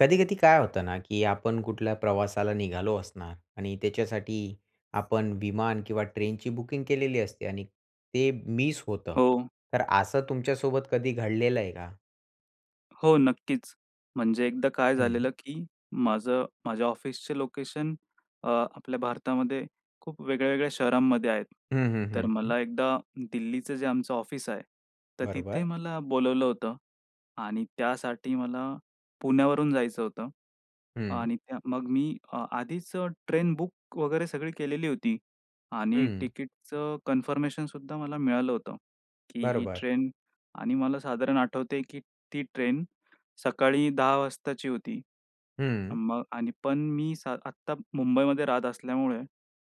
कधी-कधी काय होतं ना की आपण कुठल्या प्रवासाला निघालो असणार आणि त्याच्यासाठी आपण विमान किंवा ट्रेनची बुकिंग केलेली असते आणि ते मिस होतं. हो. तर असं तुमच्यासोबत कधी घडलेलं आहे का? हो. नक्कीच. म्हणजे एकदा काय हं. झालेलं की, माझं माझ्या ऑफिसचे लोकेशन अ, आपल्या भारतामध्ये खूप वेगळ्या-वेगळ्या शहरांमध्ये आहेत. हं, हं, तर हं, हं. मला एकदा दिल्लीचं जे आमचं ऑफिस आहे, तर तिथे बरोबर. मला बोलावलं होतं. आणि त्यासाठी मला पुण्यावरून जायचं होतं. हं. आणि त्या मग मी अ, आधीच अ, ट्रेन बुक वगैरे सगळी केलेली होती. आणि हं. तिकीटच कन्फर्मेशन सुद्धा मला मिळालं होतं. की ही बरोबर. ट्रेन आणि मला साधारण आठवतंय की ती ट्रेन सकाळी 10 वाजताची होती. हं. मग आणि पण मी स आत्ता मुंबईमध्ये राहत असल्यामुळे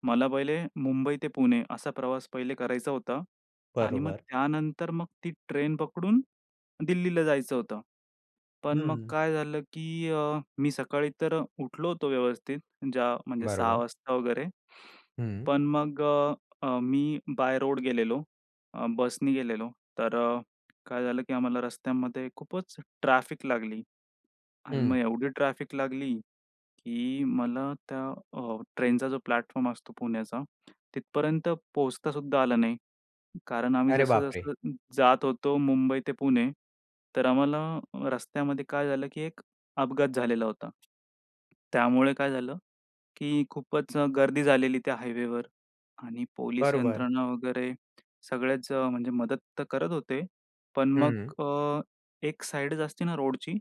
मला पहिले मुंबई ते पुणे असा प्रवास पहिले करायचा होता. आणि मग बरोबर. त्यानंतर मग ती ट्रेन पकडून दिल्लीला जायचं होतं. पण मग हं. काय झालं की, अ, मी सकाळी तर उठलो होतो व्यवस्थित. ज्या म्हणजे 6 बरोबर. वाजता वगैरे. हं. पण मग अ, अ, मी बाय रोड गेलेलो. अ, बसनी गेलेलो, तर अ, काय झालं? की आम्हाला रस्त्यामध्ये खूपच ट्रॅफिक लागली. आणि हं. मग एवढी ट्रॅफिक लागली की मला त्या अ, ट्रेनचा जो प्लॅटफॉर्म असतो पुण्याचा तिथपर्यंत पोहोचता सुद्धा आलं नाही. कारण आम्ही अरे, बापरे! जसं-जसं जात होतो मुंबई ते पुणे. तर आम्हाला रस्त्यामध्ये काय झालं? की एक अपघात झालेला होता. त्यामुळे काय झालं की खूपच अ, गर्दी झालेली त्या हायवेवर आणि पोलीस बरोबर. यंत्रणा वगैरे सगळेच म्हणजे मदत तर करत होते. पण मग हं. अ, एक साइडच असते ना रोडची,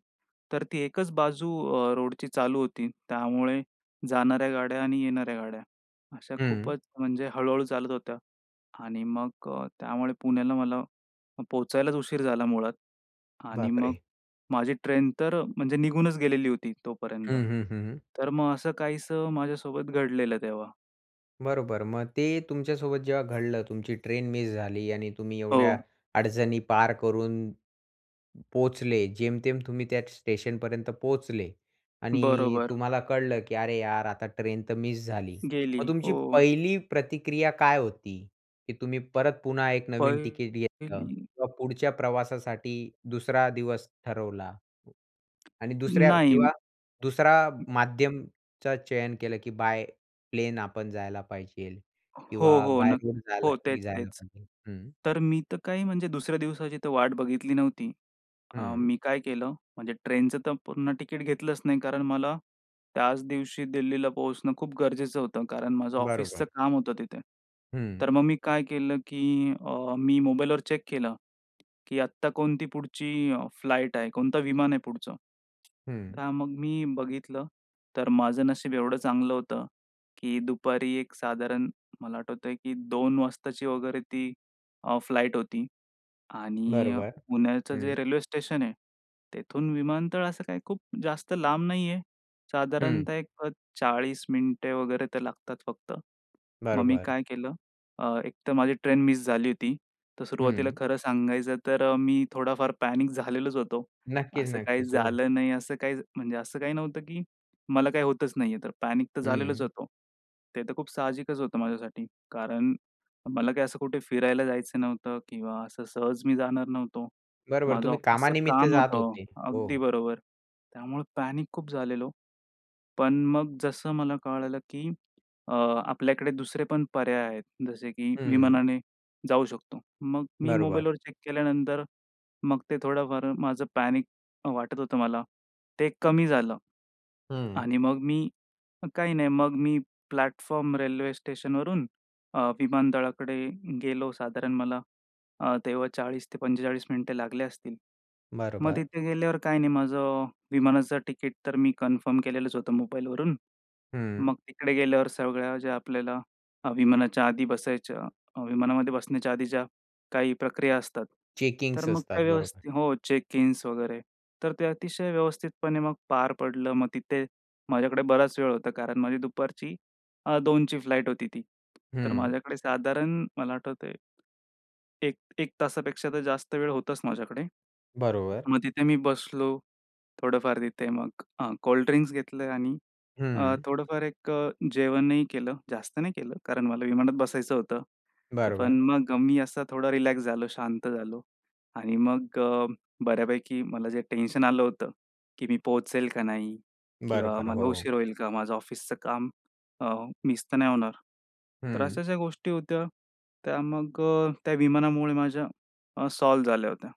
तर ती एकच बाजू अ, रोडची चालू होती. त्यामुळे जाणाऱ्या गाड्या आणि येणाऱ्या गाड्या अशा हं. खूपच म्हणजे हळू-हळू चालत होत्या. आणि मग अ, त्यामुळे पुण्याला मला अ, पोहचायलाच उशीर झाला मुळात. आणि मग बापरे! माझी ट्रेन तर म्हणजे निघूनच गेलेली होती हं, तोपर्यंत. हं, हं, हं. तर मग असं काहीसं माझ्यासोबत घडलेलं तेव्हा. बरोबर. मग ते तुमच्यासोबत जेव्हा घडलं. तुमची ट्रेन मिस झाली आणि तुम्ही एवढ्या हो. अडचणी पार करून पोहोचले. जेमतेम तुम्ही त्या स्टेशनपर्यंत पोहोचले आणि बरोबर. तुम्हाला कळलं की अरे यार! आता ट्रेन तर मिस झाली. गेली, मग तुमची हो. पहिली प्रतिक्रिया काय होती? की तुम्ही परत पुन्हा एक नवीन टिकेट घेतलं? पहिली किंवा पुढच्या प्रवासासाठी दुसरा दिवस ठरवला आणि दुसऱ्या नाही. किंवा दुसरा माध्यमचं चयन केलं की बाय प्लेन आपण जायला पाहिजे हो, किंवा हो, बाय नक रोड जायला हो, तेच, जायला तेच. पाहिजे हं. तर मी तर काही म्हणजे दुसऱ्या दिवसाची वाट बघितली नव्हती. अ, हं. मी काय केलं? म्हणजे ट्रेनचं तर पूर्ण तिकीट घेतलंच नाही कारण मला त्याच दिवशी दिल्लीला पोहोचणं खूप गरजेचं होतं कारण माझं बरोबर. ऑफिसचं काम होतं तिथे. हं. तर मग मी काय केलं की अ, मी मोबाईलवर चेक केलं की आत्ता कोणती पुढची फ्लाइट आहे? कोणतं विमान आहे पुढचं? हं. तर मग मी बघितलं तर माझं नशीब एवढं चांगलं होतं की दुपारी एक साधारण मला आठवतंय की 2 वाजताची वगैरे ती अ, फ्लाइट होती आणि बरोबर, पुण्याचं हं. जे रेल्वे स्टेशन आहे, तेथून विमानतळ असं काही खूप जास्त लांब नाही आहे. हं. साधारणतः एक अ, 40 मिनिटे वगैरे ते लागतात फक्त. मग मी बरोबर. काय केलं? अ, एकतर माझी ट्रेन मिस झाली होती. तर सुरुवातीला हं. खरं सांगायचं, तर मी थोडाफार पॅनिक झालेलोच होतो. नक्कीच, असं काही नक्कीच, हो. झालं नाही असं काही म्हणजे असं काही नव्हतं की मला काही होतच नाही आहे तर पॅनिक तर झालेलंच हं. होतो. ते तर खूप साहजिकच होतं माझ्यासाठी. कारण मला काही असं कुठे फिरायला जायचं नव्हतं किंवा असं सहज मी जाणार नव्हतो. बरोबर माझं तुम्ही ऑफिसचं कामानिमित्त काम जात होतं. होते? अगदी हो. बरोबर, त्यामुळे पॅनिक खूप झालेलो. पण मग जसं मला कळालं की, अ, आपल्याकडे दुसरे पण पर्याय आहेत. जसे की हं. विमानाने जाऊ शकतो. मग मी बरोबर. मोबाईलवर चेक केल्यानंतर मग ते थोडंफार माझं पॅनिक वाटत होतं मला, ते कमी झालं हं. आणि मग मी, काही नाही मग मी प्लॅटफॉर्म रेल्वे स्टेशनवरून अ, विमानतळाकडे गेलो साधारण मला अ, तेव्हा 40-45 मिनिटे लागले असतील. मग बरोबर. तिथे गेल्यावर काही नाही माझं अ, विमानाचं तिकीट तर मी कन्फर्म केलेलंच होतं मोबाईलवरून. हं. मग तिकडे गेल्यावर सगळ्या ज्या आपल्याला विमानाच्या आधी बसायच्या अ, विमानामध्ये बसण्याच्या आधी ज्या काही प्रक्रिया असतात. तर चेकिंग्स मग असतात, काय बरोबर. व्यवस्थित हो, चेकइन्स वगैरे. तर ते अतिशय व्यवस्थितपणे मग पार पडलं. मग तिथे माझ्याकडे बराच वेळ होता कारण माझी दुपारची अ, 2ची फ्लाइट होती ती. तर हं. माझ्याकडे साधारण मला आठवतंय. 1 1 तासापेक्षा तर जास्त वेळ होताच माझ्याकडे. बरोबर. मग तिथे मी बसलो. थोडंफार तिथे मग अ, कोल्ड ड्रिंक्स घेतले आणि अ, हं. थोडंफार एक अ, जेवणही केलं. जास्त नाही केलं कारण मला विमानात बसायचं होतं. तर बरोबर. पण मग मी असा थोडा रिलॅक्स झालो, शांत झालो आणि मग बऱ्यापैकी मला जे टेन्शन आलं होतं की मी पोहोचेल का नाही? किंवा बरोबर, मला हो. उशीर होईल का? माझं ऑफिसचं काम अ, मिस तर नाही होणार? तर हं. अशाशा गोष्टी होत्या त्या मग अ, त्या विमानामुळे माझ्या अ, सॉल्व्ह झाल्या होत्या.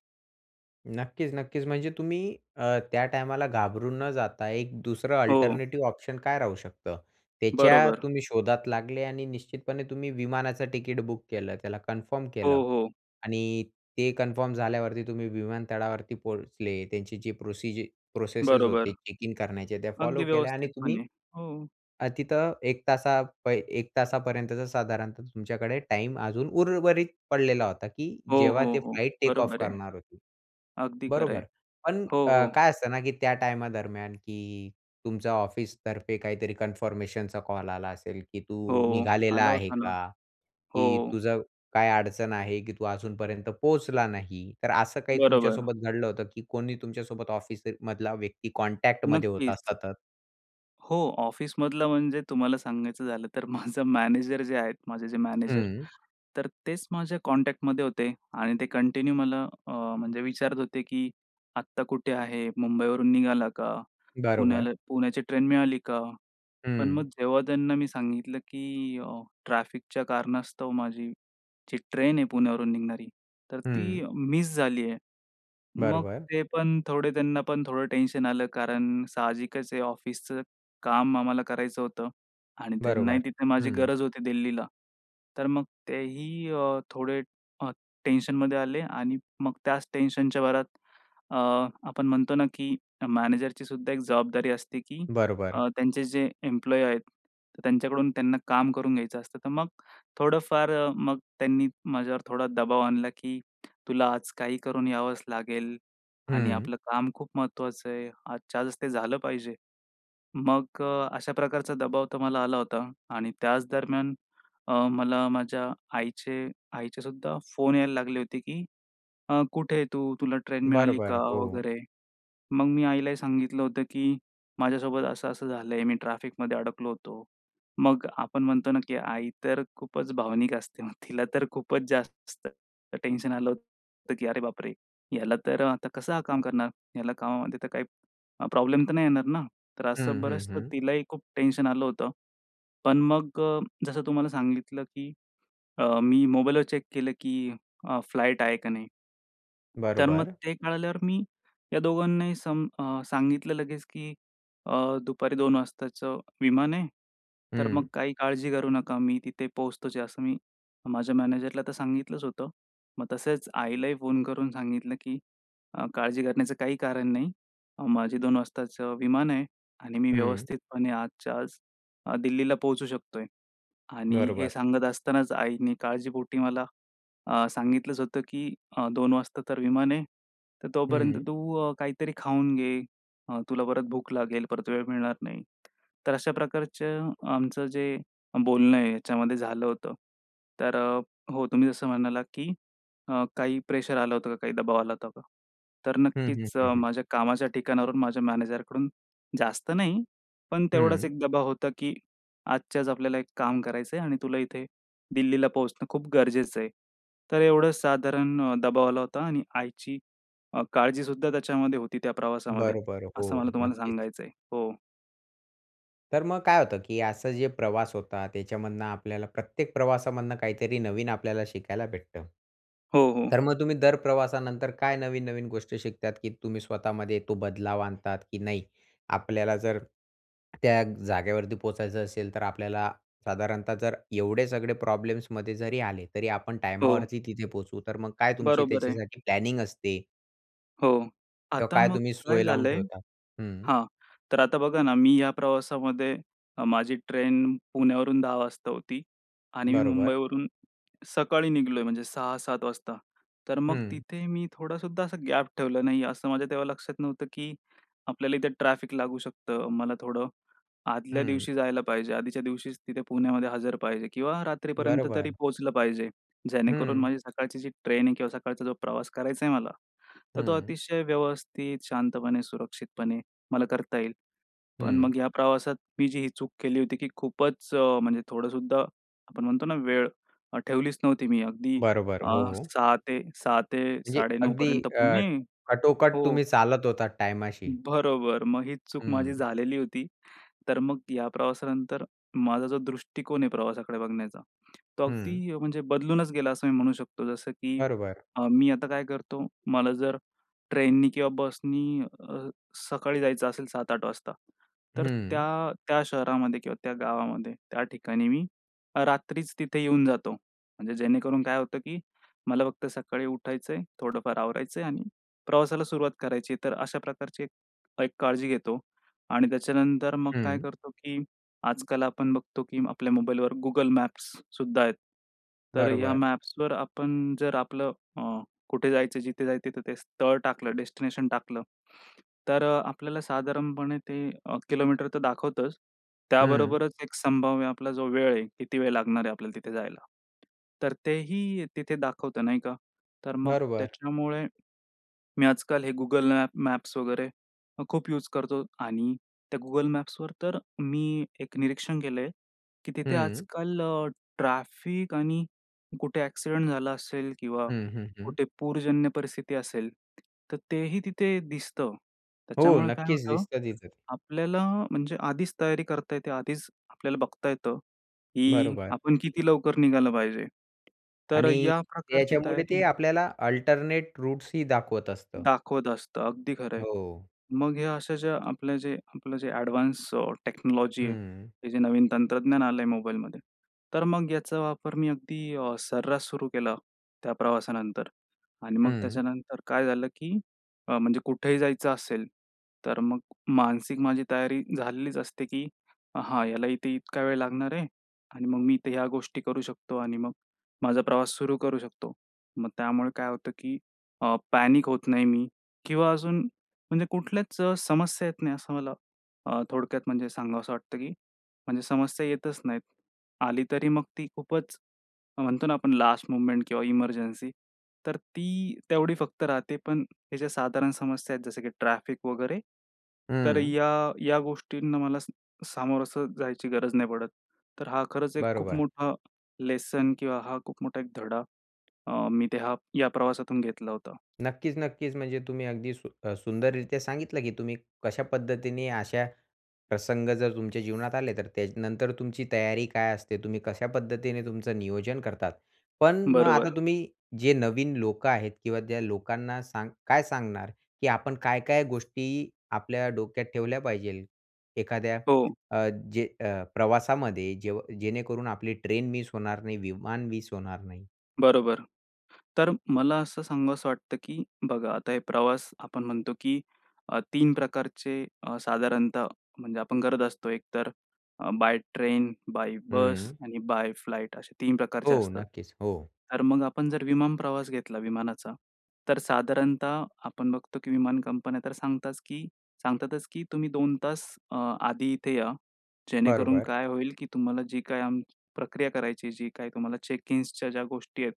नक्कीच, नक्कीच. म्हणजे तुम्ही अ, त्या टायमाला घाबरून न जाता एक दुसरं हो. अल्टरनेटिव्ह ऑप्शन काय राहू शकतं. त्याच्या बरोबर. तुम्ही शोधात लागले आणि निश्चितपणे तुम्ही विमानाचं तिकीट बुक केलं त्याला कन्फर्म हो, केलं. हो. आणि ते कन्फर्म झाल्यावरती तुम्ही विमानतळावरती पोहोचले त्यांची जी प्रोसीज प्रोसेसेस बरोबर. होते चेक इन करण्याच्या त्या फॉलो अगदी केल्या आणि तुम्ही, व्यवस्थितपणे. हो. अ, तिथं 1 तासा पहि 1 तासापर्यंतचा साधारणतः तुमच्याकडे टाईम अजून उर्वरित पडलेला होता, की हो, जेव्हा हो, ते हो. फ्लाइट टेक ऑफ बरोबर आहे. करणार होते. अगदी खरं आहे. बरोबर. पण हो, अ, हो. काय असतं ना, की त्या टाईमादरम्यान, की तुमच्या ऑफिसतर्फे काहीतरी कन्फर्मेशनचा कॉल आला असेल, की "तू हो. निघालेला आला आहे होता ना. का? हो. की तुझं काय अडचण आहे, की तू अजूनपर्यंत पोहोचला नाही." तर असं काही बरोबर. तुमच्यासोबत घडलं होतं, की कोणी तुमच्यासोबत ऑफिसमधला व्यक्ती कॉन्टॅक्टमध्ये होता नक्कीच. सतत. हो. ऑफिसमधलं म्हणजे तुम्हाला सांगायचं झालं, तर माझं मॅनेजर जे आहेत माझे जे मॅनेजर, हं. तर तेच माझ्या कॉन्टॅक्टमध्ये होते आणि ते कंटिन्यू मला अ, म्हणजे विचारत होते, की "आत्ता कुठे आहे? मुंबईवरून निघाला का? बरोबर. पुण्याला पुण्याची ट्रेन मिळाली का?" पण मग हं. जेव्हा त्यांना मी सांगितलं, की अ, ट्रॅफिकच्या कारणास्तव माझी जी ट्रेन आहे पुण्यावरून निघणारी तर ती हं. मिस झाली आहे. मग बरोबर. ते पण थोडे त्यांना पण थोडं टेन्शन आलं कारण साहजिकच आहे, ऑफिसचं काम आम्हाला करायचं होतं. आणि त्यांनाही बरोबर. तिथे माझी हं. गरज होती दिल्लीला. तर मग तेही अ, थोडे अ, टेन्शनमध्ये आले आणि मग त्याच टेन्शनच्या भरात अ, आपण म्हणतो ना, की मॅनेजरची सुद्धा एक जबाबदारी असते, की बरोबर. अ, त्यांचे जे एम्प्लॉयी आहेत त्यांच्याकडून त्यांना काम करून घ्यायचं असतं, तर मग थोडंफार अ, मग त्यांनी माझ्यावर थोडा दबाव आणला, की "तुला आज काही करून यावंच लागेल आणि हं. आपलं काम खूप महत्त्वाचं आहे. आजच्या आजच ते झालं पाहिजे." मग अ, अशा प्रकारचा दबाव तर मला आला होता. आणि त्याचदरम्यान अ, मला माझ्या आईचे आईचे सुद्धा फोन यायला लागले होते, की अ, "कुठे तू? तुला ट्रेन बरं, मिळाली का बरं. हो. वगैरे?" मग मी आईलाही सांगितलं होतं, की "माझ्यासोबत असं-असं झालंय, मी ट्रॅफिकमध्ये अडकलो होतो." मग आपण म्हणतो ना, की आई तर खूपच भावनिक असते तिला तर खूपच जास्त तर टेन्शन आलं होतं, की अरे बापरे! ह्याला तर आता कसं काम करणार? ह्याला कामामध्ये तर काही प्रॉब्लेम तर नाही येणार ना. तर असं हं, हं, बरंच हं. तिलाही खूप टेन्शन आलं होतं. पण मग अ, जसं तुम्हाला सांगितलं, की अ, मी मोबाईलवर चेक केलं, की अ, फ्लाइट आहे का नाही. तर मग बरोबर. ते कळाल्यावर मी या दोघांनाही सम अ, सांगितलं लगेच, की "अ, दुपारी 2 वाजताचं विमान आहे, तर मग हं. काही काळजी करू नका, मी तिथे पोहोचतोच" असं मी माझ्या मॅनेजरला तर सांगितलंच होतं. मग तसेच आईलाही फोन करून सांगितलं, की "अ, काळजी करण्याचं काही कारण नाही. माझी 2 वाजताचं विमान आहे आणि मी हं. व्यवस्थितपणे आजच्या आज अ, दिल्लीला पोहोचू शकतोय." आणि हे बरोबर. सांगत असतानाच आईनी काळजीपोटी मला, अ, सांगितलंच होतं, की "अ, 2 वाजता तर विमान आहे. तर तोपर्यंत हं. तू अ, काहीतरी खाऊन घे. अ, तुला परत भूक लागेल, परत वेळ मिळणार नाही." तर अशा प्रकारचं आमचं जे बोलणं आहे ह्याच्यामध्ये झालं होतं. तर अ, हो तुम्ही जसं म्हणालात, की अ, काही प्रेशर आलं होतं का? काही दबाव आला होता का? तर हं, हं, नक्कीच हं, हं. माझ्या कामाच्या ठिकाणावरून माझ्या मॅनेजरकडून जास्त नाही. पण तेवढाच हं. एक दबाव होता, की आजच्याच आपल्याला एक काम करायचंय आणि तुला इथे दिल्लीला पोहोचणं खूप गरजेचं आहे. तर एवढं साधारण अ, दबाव आला होता आणि आईची अ, काळजी सुद्धा त्याच्यामध्ये होती त्या प्रवासामध्ये बरोबर, असं हो, मला तुम्हाला नक्कीच. सांगायचं आहे. हो. तर मग काय होतं की असं, जे प्रवास होता त्याच्यामधनं आपल्याला प्रत्येक प्रवासामधनं काहीतरी नवीन आपल्याला शिकायला भेटतं. हो, हो. तर मग तुम्ही दर प्रवासानंतर काय नवीन-नवीन गोष्टी शिकता, की तुम्ही स्वतःमध्ये तो बदलाव आणता की नाही? आपल्याला जर त्या जागेवरती पोहोचायचं असेल, तर आपल्याला साधारणतः जर एवढे सगळे प्रॉब्लेम्समध्ये जरी आले, तरी आपण हो. टायमावरती तिथे पोहोचू. तर मग काय तुमची बरोबर आहे. त्याच्यासाठी प्लॅनिंग असते? हो, किंवा आता काय मग तुम्ही काय सोय लावून झालंय ठेवता हं. हां. तर आता बघा ना, मी या प्रवासामध्ये माझी ट्रेन पुण्यावरून 10 वाजता होती. आणि मी बरोबर. मुंबईवरून सकाळी निघालोय म्हणजे 6-7 वाजता. तर मग हं. तिथे मी थोडा सुद्धा असा गॅप ठेवला नाही असं माझ्या तेव्हा लक्षात नव्हतं की आपल्याला इथे ट्रॅफिक लागू शकतं. मला थोडं आदल्या हं. दिवशी जायला पाहिजे. आधीच्या दिवशीच तिथे पुण्यामध्ये हजर पाहिजे किंवा रात्रीपर्यंत तरी बरोबर. पोहोचलं पाहिजे. जेणेकरून हं. माझी सकाळची जी ट्रेन आहे किंवा सकाळचा जो प्रवास करायचाय मला तर तो हं. अतिशय व्यवस्थित, शांतपणे, सुरक्षितपणे मला करता येईल. पण हं. मग या प्रवासात मी जी ही चूक केली होती, की खूपच म्हणजे थोडं सुद्धा आपण म्हणतो ना वेळ ठेवलीच नव्हती मी. अगदी बरोबर, अ, हो, हो. 6 6 ते म्हणजे 9:30 अगदी पर्यंत अ, पुणे कटोकट हो. तुम्ही चालत होता टायमाशी? बरोबर मग ही चूक माझी हं. झालेली होती. तर मग या प्रवासानंतर माझा जो दृष्टिकोन आहे प्रवासाकडे बघण्याचा तो हं. अगदी म्हणजे बदलूनच गेला, असं मी म्हणू शकतो. जसं की बरोबर. अ, मी आता काय करतो मला जर ट्रेननी किंवा बसनी अ, सकाळी जायचं असेल 7-8 वाजता तर हं. त्या, त्या शहरामध्ये किंवा त्या गावामध्ये त्या ठिकाणी मी रात्रीच तिथे येऊन जातो. म्हणजे जेणेकरून काय होतं की मला फक्त सकाळी उठायचंय, थोडंफार आवरायचंय आणि प्रवासाला सुरुवात करायची आहे तर अशा प्रकारची काळजी घेतो. आणि त्याच्यानंतर मग काय हं. करतो, की आजकाल आपण बघतो, की आपल्या मोबाईलवर Google मॅप्स सुद्धा आहेत. तर या बरोबर. मॅप्सवर आपण जर आपलं अ, कुठे जायचं, जिथे जायचं, तिथं ते स्थळ टाकलं, डेस्टिनेशन टाकलं, तर आपल्याला साधारणपणे ते किलोमीटर तर दाखवतंच हं. त्याबरोबरच एक संभाव्य आपला जो वेळ आहे, किती वेळ लागणार आहे आपल्याला तिथे जायला. तर तेही तिथे दाखवत नाही का? तर मग बरोबर. त्याच्यामुळे मी आजकाल हे Google मॅप्स वगैरे खूप युज करतो आणि त्या Google मॅप्सवर तर मी एक निरीक्षण केलंय, की तिथे हं. आजकाल ट्रॅफिक आणि कुठे ॲक्सिडेंट झाला असेल किंवा हं, हं, हं. कुठे पूरजन्य परिस्थिती असेल तर तेही तिथे दिसतं. हो त्याच्यामुळे काय नक्कीच, होतं दिसतात [unintelligible] आपल्याला म्हणजे आधीच तयारी करता येते, आधीच आपल्याला बघता येतं की बरोबर. आपण किती लवकर निघालं पाहिजे. तर आणि या प्रकारची त्याच्यामुळे ते तयारी. आपल्याला अल्टरनेट रूट्स ही दाखवत असतं. दाखवत असतं. अगदी खरंय. हो. मग ह्या अशा जे आपलं जे आपलं जे ॲडव्हान्स्ड टेक्नॉलॉजी आहे. हं. हे जे नवीन तंत्रज्ञान आलंय मोबाईलमध्ये. तर मग याचा वापर मी अगदी अ, सर्रास सुरू केला त्या प्रवासानंतर. आणि मग हं. त्याच्यानंतर काय झालं की अ, म्हणजे कुठेही जायचं असेल. तर मग मानसिक माझी तयारी झालेलीच असते, की हा ह्याला इथे इतका वेळ लागणार आहे आणि मग मी इथे ह्या गोष्टी करू शकतो आणि मग माझा प्रवास सुरू करू शकतो. मग त्यामुळे काय होतं की अ, पॅनिक होत नाही मी किंवा अजून, म्हणजे कुठल्याच समस्या येत नाही असं मला अ, थोडक्यात म्हणजे सांगावंसं वाटतं की म्हणजे समस्या येतच नाहीत. आली तरी मग ती खूपच म्हणतो ना, आपण लास्ट मुव्हमेंट किंवा इमर्जन्सी तर ती तेवढी फक्त राहते. पण ह्याच्या साधारण समस्या आहेत जसं की ट्रॅफिक वगैरे, तर हं. या, या गोष्टींना मला समोर असं जायची गरज नाही पडत. तर हा खरंच एक खूप बरोबर. मोठा लेसन किंवा हा खूप मोठा एक धडा अ, मी या प्रवासातून घेतला होता. नक्कीच, नक्कीच, म्हणजे तुम्ही अगदी सु अ, सुंदररीत्या सांगितलं की तुम्ही कशा पद्धतीने असे प्रसंग जर तुमच्या जीवनात आले, तर त्यानंतर तुमची तयारी काय असते, तुम्ही कशा पद्धतीने तुमचं नियोजन करता. पण मग आता बरोबर. तुम्ही जे नवीन लोक आहेत किंवा त्या लोकांना सांग काय सांगणार की आपण काय-काय गोष्टी आपल्या डोक्यात ठेवल्या पाहिजेत एखाद्या हो. अ, जे प्रवासामध्ये, जेव्हा जेणेकरून आपली ट्रेन मिस होणार नाही, विमान मिस होणार नाही? बरोबर. तर मला असं सांगावंसं वाटतं की बघा आता हे प्रवास आपण म्हणतो की अ, 3 प्रकारचे अ, साधारणतः म्हणजे आपण करत असतो एक तर, बाय ट्रेन, बाय बस हं. आणि बाय फ्लाइट असे 3 प्रकारचे हो, असतात. नक्कीच हो. तर मग आपण जर विमान प्रवास घेतला विमानाचा. तर साधारणतः आपण बघतो, की विमान कंपन्या तर सांगतात की सांगतातच की तुम्ही 2 तास अ, आधी इथे या. जेणेकरून बरोबर. काय होईल की तुम्हाला जी काही आम, प्रक्रिया करायची जी काय तुम्हाला चेक इन्सच्या ज्या गोष्टी आहेत.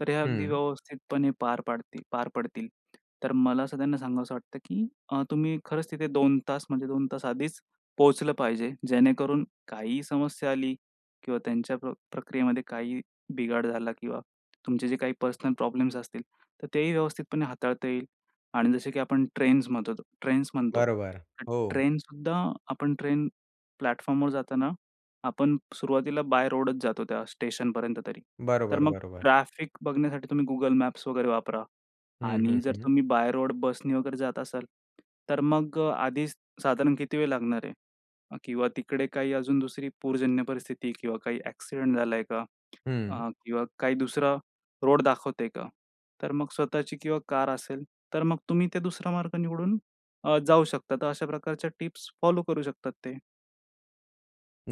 तर हे अगदी हं. व्यवस्थितपणे पार पाडतील, पार पडतील. तर मला असं त्यांना सांगावंसं वाटतं की अ, तुम्ही खरंच तिथे 2 तास म्हणजे 2 तास आधीच पोहोचलं पाहिजे. जेणेकरून काहीही समस्या आली किंवा त्यांच्या प् प्रक्रियेमध्ये काही बिघाड झाला किंवा तुमचे जे काही पर्सनल प्रॉब्लेम्स असतील, तर तेही व्यवस्थितपणे हाताळता येईल. आणि जसे की आपण ट्रेन्स म्हणतो ट्रेन्स म्हणतो. बरोबर, तर हो. ट्रेनसुद्धा आपण ट्रेन प्लॅटफॉर्मवर जाताना, आपण सुरुवातीला बाय रोडच जातो, त्या स्टेशनपर्यंत तरी. तर बरोबर, मग बरोबर. ट्रॅफिक बघण्यासाठी तुम्ही Google मॅप्स वगैरे वापरा. हं, हं, आणि जर हं. तुम्ही बाय रोड, बसने वगैरे जात असाल तर मग आधीच साधारण किती वेळ लागणार आहे? किंवा तिकडे काही अजून दुसरी पूरजन्य परिस्थिती किंवा काही ॲक्सिडेंट झालाय का? हं. अ, किंवा काही दुसरा रोड दाखवतेय का? तर मग स्वतःची किंवा कार असेल, तर मग तुम्ही ते दुसरा मार्ग निवडून अ, जाऊ शकता. तर अशा प्रकारच्या टिप्स फॉलो करू शकतात ते.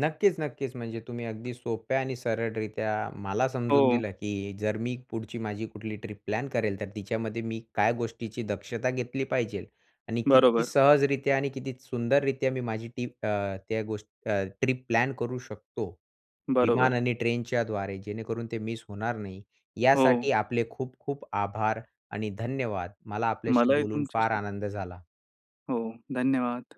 नक्कीच-नक्कीच. म्हणजे तुम्ही अगदी सोप्या आणि सरळरीत्या मला समजून हो. दिलं, की जर मी पुढची माझी कुठली ट्रिप प्लॅन करेल तर तिच्यामध्ये मी काय गोष्टीची दक्षता घेतली पाहिजेल. आणि किती बरोबर. सहजरीत्या आणि किती सुंदररीत्या माझी ती, अ, त्या गोष्टी, अ, ट्रिप प्लॅन करू शकतो. विमान बरोबर. आणि ट्रेनच्या द्वारे जेणेकरून ते मिस होणार नाही. हो. यासाठी आपले खूप-खूप आभार. आणि धन्यवाद. मला आपल्याशी मलाही बोलून फार तुमच्याशी आनंद झाला. हो. धन्यवाद.